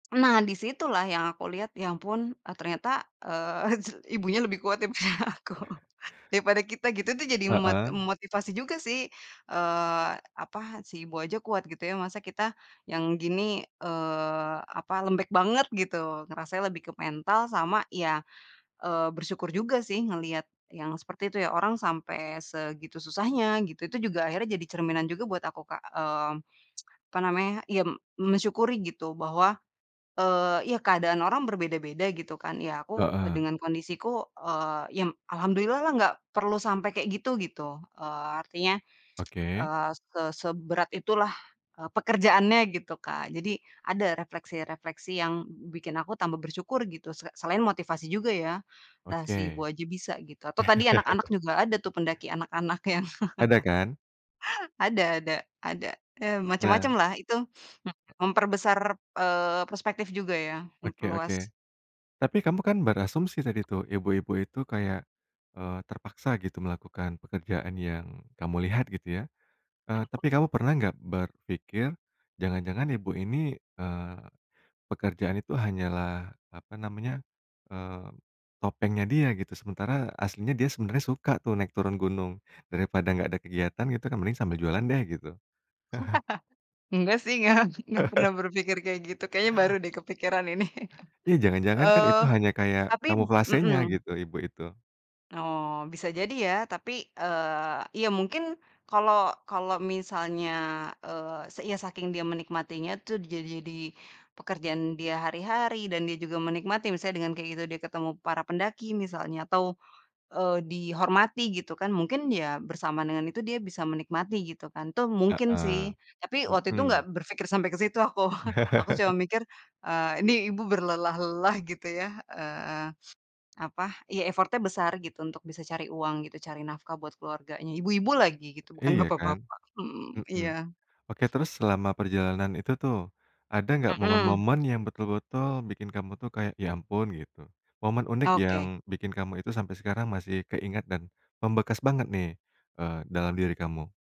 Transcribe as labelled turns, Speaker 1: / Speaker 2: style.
Speaker 1: Nah, di situlah yang aku lihat, ya ampun, eee, ternyata, eee, s ibunya lebih kuat daripada aku. Daripada kita gitu, itu jadi mot
Speaker 2: Heeh.
Speaker 1: motivasi juga sih, eee, apa, si ibu aja kuat gitu ya, masa kita yang gini, eee, apa, lembek banget, gitu. Ngerasanya lebih ke mental sama ya, eee, bersyukur juga sih, ngelihat yang seperti itu ya, orang sampai segitu susahnya, gitu. Itu juga akhirnya jadi cerminan juga buat aku Kak, eee, apa namanya, ya mensyukuri gitu, bahwa, eee, ya keadaan orang berbeda-beda gitu kan, ya aku, eee,
Speaker 2: Heeh.
Speaker 1: dengan kondisiku, eee, ya alhamdulillah lah nggak perlu sampai kayak gitu, gitu. Eee, artinya,
Speaker 2: Oke.
Speaker 1: eee ke seberat itu lah, eee, pekerjaannya gitu, Kak. Jadi, ada refleksi-refleksi yang bikin aku tambah bersyukur, gitu, se selain motivasi juga ya. Lah, si ibu
Speaker 2: Oke.
Speaker 1: aja bisa, gitu. Atau tadi anak-anak juga ada tuh, pendaki anak-anak yang
Speaker 2: Ada kan?
Speaker 1: Ada ada, ada, eee,
Speaker 2: Nah.
Speaker 1: macem-macem lah itu, m memperbesar, eee, perspektif juga ya,
Speaker 2: Oke oke.
Speaker 1: memperluas.
Speaker 2: Tapi kamu kan berasumsi tadi tuh, ibu-ibu itu kayak, eee, terpaksa gitu melakukan pekerjaan yang kamu lihat, gitu ya. Eee, tapi kamu
Speaker 1: [unintelligible]
Speaker 2: pernah nggak berpikir, jangan-jangan ibu ini, eee, pekerjaan itu hanyalah apa namanya, eee, topengnya dia, gitu? Sementara, aslinya dia sebenarnya suka tuh naik turun gunung. Daripada nggak ada kegiatan gitu kan, mending sambil jualan deh, gitu.
Speaker 1: Nggak sih nga nggak pernah berpikir kayak gitu. Kayaknya baru deh kepikiran ini.
Speaker 2: Iya, jangan-jangan kan
Speaker 1: Eee,
Speaker 2: itu hanya kayak,
Speaker 1: tapi p
Speaker 2: kamuflasenya
Speaker 1: mhm.
Speaker 2: gitu, ibu itu.
Speaker 1: Oh, bisa jadi ya. Tapi, eee, ya mungkin kalau kalau misalnya, eee, se iya saking dia menikmatinya tuh ja jadi di pekerjaan dia hari-hari, dan dia juga menikmati, misalnya dengan kayak gitu dia ketemu para pendaki misalnya, atau, eee, dihormati gitu kan, mungkin ya bersamaan dengan itu dia bisa menikmati, gitu kan. Tuh, mungkin sih.
Speaker 2: Heeh.
Speaker 1: Tapi waktu itu nggak
Speaker 2: Mhm.
Speaker 1: berpikir sampai ke situ aku. Aku cuma mikir, eee, ini ibu berlelah-lelah, gitu ya. Eee, apa, ya effort-nya besar, gitu, untuk bisa cari uang, gitu, cari nafkah buat keluarganya. Ibu-ibu lagi, gitu, bukan
Speaker 2: Iya
Speaker 1: bapak
Speaker 2: kan?
Speaker 1: bapak. Mmm,
Speaker 2: Mhm.
Speaker 1: iya.
Speaker 2: Oke, terus selama perjalanan itu tuh, ada enggak
Speaker 1: Mmm.
Speaker 2: momen-momen yang betul-betul bikin kamu tuh kayak, "Ya, ampun," gitu? Momen unik yang
Speaker 1: Oke.
Speaker 2: bikin kamu itu sampai sekarang masih keingat dan membekas banget nih, eee, dalam diri kamu?